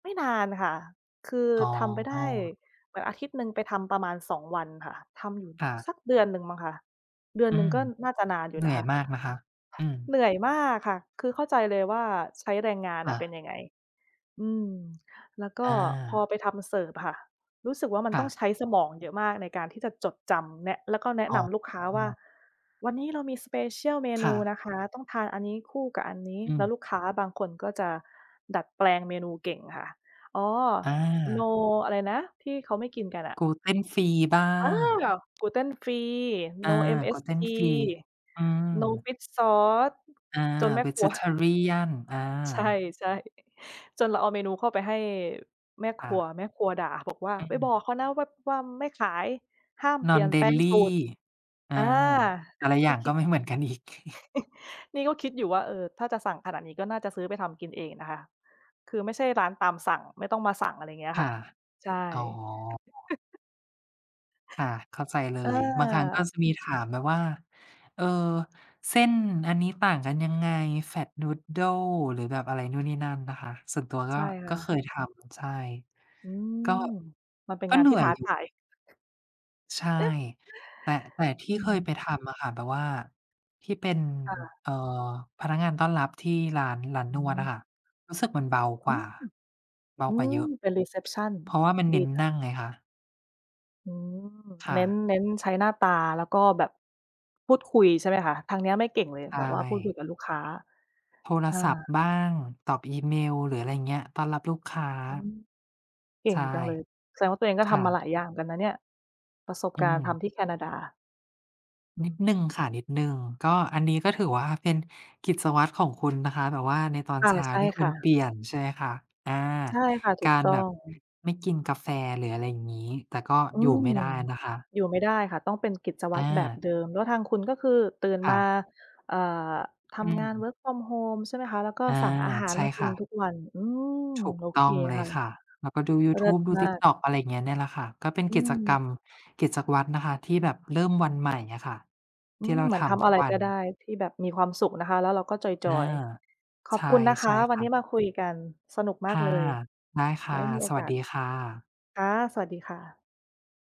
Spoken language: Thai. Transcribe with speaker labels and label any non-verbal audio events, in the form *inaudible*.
Speaker 1: ไม่นานค่ะ คือ
Speaker 2: อ๋
Speaker 1: ทำไปได้
Speaker 2: อ
Speaker 1: แบบอาทิตย์หนึ่งไปทำประมาณ 2 วันค่ะ ทำอยู่
Speaker 2: ค่
Speaker 1: ส
Speaker 2: ะ
Speaker 1: ักเดือนหนึ่งมั้งคะ เดือน
Speaker 2: อื
Speaker 1: หนึ่ง
Speaker 2: ม
Speaker 1: ก็น่าจะนานอยู
Speaker 2: เหน
Speaker 1: ่
Speaker 2: ื
Speaker 1: น
Speaker 2: ่
Speaker 1: ะ
Speaker 2: อ
Speaker 1: ค
Speaker 2: ย
Speaker 1: ะ
Speaker 2: มากนะคะ อืม
Speaker 1: เหนื่อยมากค่ะ คือเข้าใจเลยว่าใช้แรงงาน
Speaker 2: ค
Speaker 1: อ
Speaker 2: ่
Speaker 1: ะเป็น
Speaker 2: ะ
Speaker 1: ยังไง อืม แล้วก
Speaker 2: อ
Speaker 1: ็พอ
Speaker 2: า
Speaker 1: ไปทำเสิร์ฟอะค่ะ รู้สึกว่ามัน
Speaker 2: ค
Speaker 1: ต
Speaker 2: ่
Speaker 1: ้อง
Speaker 2: ะ
Speaker 1: ใช้สมองเยอะมากในการที่จะจดจำแนะ แล้วก็แนะ
Speaker 2: อ๋
Speaker 1: นำลูกค้าว่า
Speaker 2: อ
Speaker 1: วันนี้เรามี Special เม
Speaker 2: ค
Speaker 1: น
Speaker 2: ่
Speaker 1: ู
Speaker 2: ะ
Speaker 1: นะคะ ต้องทานอันนี้คู่กับอันนี้
Speaker 2: อ
Speaker 1: แล
Speaker 2: ื
Speaker 1: ้ว
Speaker 2: ม
Speaker 1: ลูกค้าบางคนก็จะดัดแปลงเมนูเก่งค่ะ อ๋อ
Speaker 2: อ
Speaker 1: No
Speaker 2: า
Speaker 1: อะไรนะที่เขาไม่กินกันอะ
Speaker 2: Gluten Free บ้า
Speaker 1: อ้า
Speaker 2: ง
Speaker 1: Gluten Free,
Speaker 2: อา
Speaker 1: No MSG,
Speaker 2: Gluten Free อื
Speaker 1: No
Speaker 2: ม
Speaker 1: Fish Sauce
Speaker 2: อา
Speaker 1: จนแม่ครัว
Speaker 2: Vegetarian อ
Speaker 1: ใช่
Speaker 2: า
Speaker 1: ใช่ จนเราเอาเมนูเข้าไปให้แม่
Speaker 2: ค
Speaker 1: ค
Speaker 2: ่
Speaker 1: รัว
Speaker 2: ะ
Speaker 1: แม่ครัวด่าบอกว่า
Speaker 2: อื
Speaker 1: "ไปบ
Speaker 2: ม
Speaker 1: อกเขานะว่า ว่าไม่ขาย ห้ามเปลี่ยนแปลง
Speaker 2: Non-dairy
Speaker 1: สูตร"
Speaker 2: อา
Speaker 1: อ่า
Speaker 2: แต่ละอย
Speaker 1: ก
Speaker 2: ่
Speaker 1: ็
Speaker 2: าง
Speaker 1: ค
Speaker 2: ก
Speaker 1: ิ
Speaker 2: ็
Speaker 1: ด
Speaker 2: ไม่เหมือนกันอีก *chuckles*
Speaker 1: *chuckles* นี่ก็คิดอยู่ว่า เออ ถ้าจะสั่งขนาดนี้ก็น่าจะซื้อไปทำกินเองนะคะ คือไม่ใช่ร้านตามสั่ง ไม่ต้องมาสั่ง อะไรเงี้ย
Speaker 2: ค
Speaker 1: ค
Speaker 2: ่
Speaker 1: ่
Speaker 2: ะ
Speaker 1: ะ ใช่
Speaker 2: อ๋อ
Speaker 1: *chuckles*
Speaker 2: ค่ะ เข้าใจเล
Speaker 1: เ
Speaker 2: ย บางครั้งก็
Speaker 1: ออ
Speaker 2: จะมีถามแบบว่า เอ่อ เส้นอันนี้ต่างกันยังไง Flat noodle หรือแบบอะไรนู่นนี่นั่นนะคะ ส่วนตัวก
Speaker 1: ใช
Speaker 2: ็
Speaker 1: ่ค
Speaker 2: ก
Speaker 1: ่
Speaker 2: ็เค
Speaker 1: ะ
Speaker 2: ยทำ ใช่
Speaker 1: อื
Speaker 2: ก็
Speaker 1: ม มันเป็น
Speaker 2: ก็
Speaker 1: งาน
Speaker 2: เหนื
Speaker 1: ที่
Speaker 2: ่อ
Speaker 1: ท
Speaker 2: ย
Speaker 1: ้า
Speaker 2: อย
Speaker 1: ท
Speaker 2: ู่
Speaker 1: าย
Speaker 2: ใช่ แต่ แต่ที
Speaker 1: อ
Speaker 2: ่
Speaker 1: ื
Speaker 2: เคยไป
Speaker 1: ม
Speaker 2: ทำอะค่ะแบบว่าที่เป็น
Speaker 1: ค่ะ
Speaker 2: เอ่อ พนักงานต้อนรับที่ร้าน ร้าน
Speaker 1: อื
Speaker 2: นวดอะ
Speaker 1: ม
Speaker 2: ค่ะ รู้สึกมันเบา
Speaker 1: อ
Speaker 2: ก
Speaker 1: ื
Speaker 2: ว่
Speaker 1: ม
Speaker 2: า เบา
Speaker 1: อื
Speaker 2: กว่าเ
Speaker 1: ม
Speaker 2: ยอะ
Speaker 1: เป็น รีเซปชัน
Speaker 2: เพราะว่ามันเน
Speaker 1: ดี
Speaker 2: ้น
Speaker 1: จั
Speaker 2: น
Speaker 1: ง
Speaker 2: ั่งไงคะ
Speaker 1: อืม
Speaker 2: ค่
Speaker 1: เน้น
Speaker 2: ะ
Speaker 1: เน้นใช้หน้าตาแล้วก็แบบ พูดคุยใช่ไหมคะ? ทางเนี้ยไม่เก่งเลย
Speaker 2: ใช
Speaker 1: แบบว่าพูดคุย
Speaker 2: ่
Speaker 1: กับลูกค้า
Speaker 2: โทร
Speaker 1: เอ
Speaker 2: ศั
Speaker 1: อ
Speaker 2: พท์บ้าง ตอบอีเมล หรืออะไรอย่างเงี้ย ต้อนรับลูกค้า
Speaker 1: อืม เก
Speaker 2: ใ
Speaker 1: ่
Speaker 2: ช
Speaker 1: ง
Speaker 2: ่
Speaker 1: จังเลย แสดงว่าตัวเองก็
Speaker 2: ค
Speaker 1: ท
Speaker 2: ่
Speaker 1: ำมา
Speaker 2: ะ
Speaker 1: หลายอย่างเหมือนกันนะเนี่ย ประสบ
Speaker 2: อื
Speaker 1: การณ์ท
Speaker 2: ม
Speaker 1: ำที่แคนาดา อื
Speaker 2: นิด
Speaker 1: ม
Speaker 2: หนึ่งค่ะ นิดหนึ่ง ก็อันนี้ก็ถือว่า เป็นกิจวัตรของคุณนะคะ แบบว่าในตอน
Speaker 1: ค่ะ
Speaker 2: เช้า
Speaker 1: ใช่
Speaker 2: ที่ค
Speaker 1: ค
Speaker 2: ุ
Speaker 1: ่
Speaker 2: ณ
Speaker 1: ะ
Speaker 2: เปลี่ยนใช่ไหมคะ? อา
Speaker 1: ใช่ค่ะ ถ
Speaker 2: ก
Speaker 1: ู
Speaker 2: า
Speaker 1: ก
Speaker 2: ร
Speaker 1: ต้อ
Speaker 2: แบบ
Speaker 1: ง
Speaker 2: ไม่กินกาแฟ หรืออะไรอย่างงี้ แต่ก็
Speaker 1: อื
Speaker 2: อยู่ไม
Speaker 1: ม
Speaker 2: ่ได้นะคะ
Speaker 1: อยู่ไม่ได้ค่ะ ต้องเป็นกิจวั
Speaker 2: อ
Speaker 1: ตรแบบ
Speaker 2: า
Speaker 1: เดิม แล้วทางคุณก็คือตื่น
Speaker 2: ค
Speaker 1: ม
Speaker 2: ่
Speaker 1: า
Speaker 2: ะ
Speaker 1: เอ่อ ท
Speaker 2: อื
Speaker 1: ำงาน
Speaker 2: ม
Speaker 1: work from home ใช่ไหมคะ? แล้วก็
Speaker 2: อา
Speaker 1: สั่งอาหาร
Speaker 2: ใช่
Speaker 1: มากิ
Speaker 2: ค
Speaker 1: น
Speaker 2: ่ะ
Speaker 1: ทุกวัน อืม
Speaker 2: ถูก
Speaker 1: โอ
Speaker 2: ต
Speaker 1: เค
Speaker 2: ้องเล
Speaker 1: ค่
Speaker 2: ย
Speaker 1: ะ
Speaker 2: ค่ะ แล้วก็ดูยู
Speaker 1: เล
Speaker 2: ท
Speaker 1: ิ
Speaker 2: ู
Speaker 1: ศ
Speaker 2: บดู
Speaker 1: มาก
Speaker 2: TikTok อะไรอย่างเงี้ย เนี่ยแหละค่ะ ก็เป็น
Speaker 1: อื
Speaker 2: กิจกร
Speaker 1: ม
Speaker 2: รม กิจวัตรนะคะที่แบบเริ่มวันใหม่อะค่ะ
Speaker 1: อ
Speaker 2: ท
Speaker 1: ื
Speaker 2: ี่
Speaker 1: ม
Speaker 2: เรา
Speaker 1: เหมือ
Speaker 2: ท
Speaker 1: นทำ
Speaker 2: ำท
Speaker 1: อ
Speaker 2: ุ
Speaker 1: ะ
Speaker 2: ก
Speaker 1: ไร
Speaker 2: วั
Speaker 1: ก็
Speaker 2: น
Speaker 1: ได้ที่แบบมีความสุขนะคะแล้วเราก็จ
Speaker 2: อา
Speaker 1: อย ๆ ข
Speaker 2: ใช
Speaker 1: อบ
Speaker 2: ่
Speaker 1: คุณนะค
Speaker 2: ใช่
Speaker 1: ะ ว
Speaker 2: ค
Speaker 1: ัน
Speaker 2: ่
Speaker 1: นี้
Speaker 2: ะ
Speaker 1: มาคุยกันสนุกม
Speaker 2: ค
Speaker 1: าก
Speaker 2: ่
Speaker 1: เ
Speaker 2: ะ
Speaker 1: ลย
Speaker 2: ได้ค
Speaker 1: ไ
Speaker 2: ่
Speaker 1: ว้
Speaker 2: ะ
Speaker 1: มีโอ
Speaker 2: สว
Speaker 1: ก
Speaker 2: ัส
Speaker 1: าส
Speaker 2: ดีค่ะ
Speaker 1: ค่ะ สวัสดีค่ะ